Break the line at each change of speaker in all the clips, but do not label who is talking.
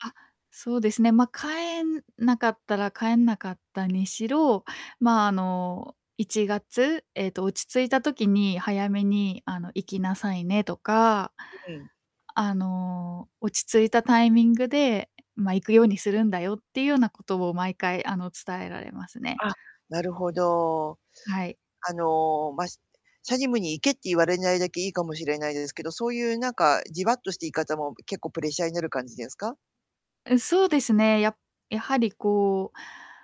あ、そうですね、まあ、帰えんなかったら帰んなかったにしろ、まあ、あの、1月、えっと「落ち着いた時に早めにあの行きなさいね」とか
ううん。
あの「落ち着いたタイミングで、まあ、行くようにするんだよ」っていうようなことを毎回、あの、伝えられますね。
あ、なるほど。
はい。
あの、ましチャジムに行けって言われないだけいいかもしれないですけど、そういう、なんか、じわっとした言い方も結構プレッシャーになる感じですか？
え、そうですね、ややはり、こう、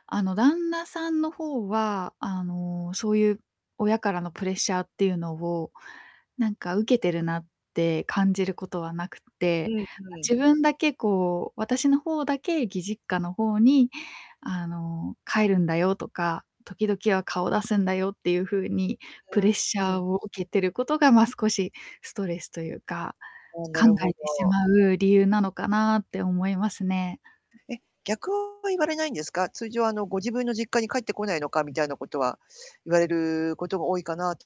あの、旦那さんの方は、あの、そういう親からのプレッシャーっていうのを、なんか、受けてるなって感じることはなくっ
う
て、
んうん。
自分だけ、こう私の方だけ義実家の方に、あの「帰るんだよ」とか「時々は顔出すんだよ」っていう風に
う
プレッ
ん
シ
う
ャー
ん。
を受けてることが、まあ、少しストレスというか
ああ、な
考
るほ
えてし
ど。
まう理由なのかなって思いますね。
え、逆は言われないんですか？通常、あの、ご自分の「実家に帰ってこないのか」みたいなことは言われることが多いかな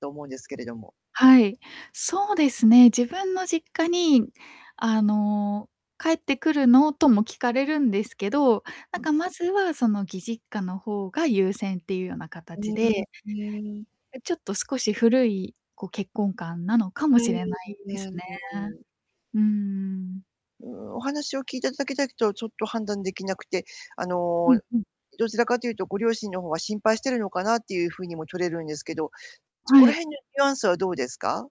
と思うんですけれども
はい。そうですね、自分の実家に、あの「帰ってくるの」とも聞かれるんですけど、なんか、まずは、その、義実家の方が優先っていうような
う
形
ーん、う
で
ーん。
え、ちょっと少し古い、こう、結婚観なのか
う
もしれないです
ーん。うーん。う
ね
ーん。
うーん。
うーん。お話を聞いただけだとちょっと判断できなくて、あ
うん
の、
うん。
どちらかというとご両親の方が心配してるのかなっていう風にも取れるんですけど、そこ
は
ら
い。
辺のニュアンスはどうですか？